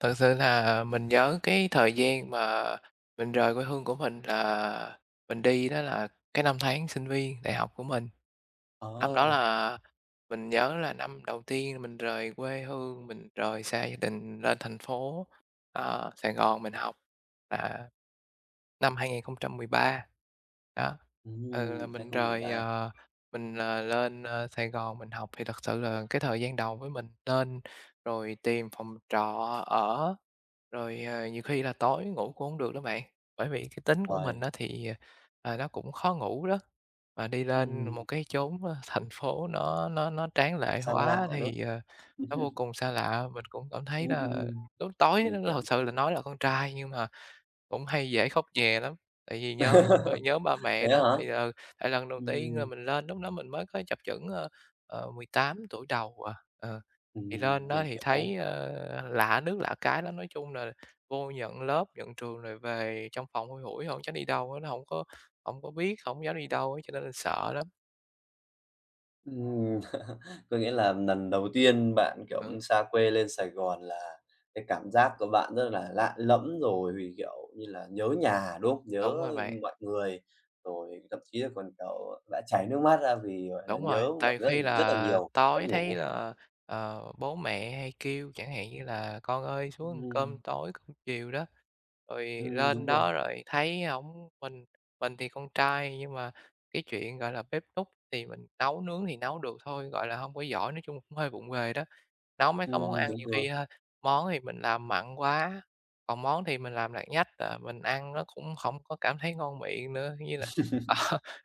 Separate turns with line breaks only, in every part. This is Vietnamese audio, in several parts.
Thật sự là mình nhớ cái thời gian mà mình rời quê hương của mình là mình đi đó là cái năm tháng sinh viên đại học của mình. Năm đó
Ồ!
là mình nhớ là năm đầu tiên mình rời quê hương, mình rời xa gia đình lên thành phố, ờ, Sài Gòn mình học là năm 2013, đó. Ừ, là
Ừm, hai
mình
không mười
rời,
ba.
ờ, mình, ờ, lên, ơ, Sài Gòn mình học thì thật sự là cái thời gian đầu với mình lên rồi tìm phòng trọ ở, rồi, ờ, nhiều khi là tối ngủ cũng hông được đó bạn. Bởi vì cái tính của mình
Uầy!
á thì, à, nó cũng khó ngủ đó, mà đi lên
Ừm.
một cái chốn thành phố nó nó nó tráng lệ
Xa lạ,
quá
đúng.
thì, ờ, nó vô cùng xa lạ. Mình cũng cảm thấy
Ừm,
là
ừm.
lúc tối
Mình
nó
hiểm.
thật sự là nói là con trai nhưng mà cũng hay dễ khóc nhè lắm, tại vì nhớ b nhớ ba mẹ
Vậy á
đó,
hả?
thì, ừ, tại lần đầu tiên là
Ừm.
mình lên lúc đó mình mới có chập chững, ơ, ờ, 18 tuổi đầu à, ờ. Thì lên
Ừm,
đó
mình
thì
hiểu!
thấy, ờ, lạ nước lạ cái lắm, nói chung là vô nhận lớp, nhận trường rồi về trong phòng thui thủi chẳng đi đâu hết, nó hổng có hổng có biết, hổng dám đi đâu á, cho nên là sợ lắm.
Ừm, có nghĩa là lần đầu tiên bạn, kiểu,
Ừ.
xa quê lên Sài Gòn là cái cảm giác của bạn rất là lạ lẫm, rồi thì, kiểu như là, nhớ nhà, đúng không? Nhớ
Đúng rồi bạn.
mọi người, rồi thậm chí là còn cậu đã chảy nước mắt ra vì, gọi là,
Đúng rồi!
nhớ
Tại
mọi
vì
người rất
khi
là rất là
là
nhiều, mất
tối thấy
ngủ.
là, ờ, bố mẹ hay kêu chẳng hạn như là "Con ơi xuống ăn cơm
Ừm.
tối," cơm chiều đó, rồi
Ừm, đúng
lên
rồi.
đó rồi thấy hổng mình mình thì con trai nhưng mà cái chuyện, gọi là, bếp núc thì mình nấu nướng thì nấu được thôi, gọi là, hông có giỏi, nói chung là cũng hơi vụng về đó. Nấu mấy cái món
Ừm,
ăn
đúng
nhiều
rồi.
khi, a, món thì mình làm mặn quá, còn món thì mình làm lạt nhách à, mình ăn nó cũng không có cảm thấy ngon miệng nữa. Như là, à,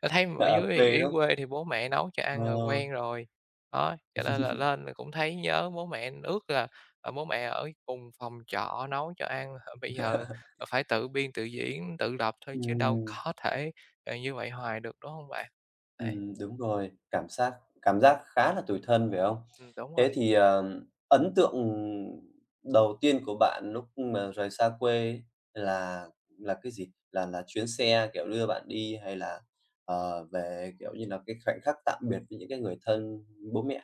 ta thấy mà ở
Ở
dưới thì
quê
dưới
đúng
quê thì bố mẹ nấu cho
Ờ.
ăn rồi quen rồi, đó, cho nên là lên rồi cũng thấy nhớ bố mẹ, ước là, à, bố mẹ ở cùng phòng trọ nấu cho ăn, h bây giờ, ờ, phải tự biên tự diễn, tự lập thôi chứ đâu
Ừm.
có thể, ờ, như vậy hoài được, đúng hông bạn? Đấy.
Ừm, đúng rồi, cảm xác cảm giác khá là tủi thân, phải không?
Ừm, đúng
Thế
rồi.
thì, ờ, ấn tượng đầu tiên của bạn lúc mà rời xa quê là là cái gì? Là là chuyến xe, kiểu, đưa bạn đi hay là, ờ, về, kiểu như là, cái khoảnh khắc tạm biệt với những cái người thân, bố mẹ?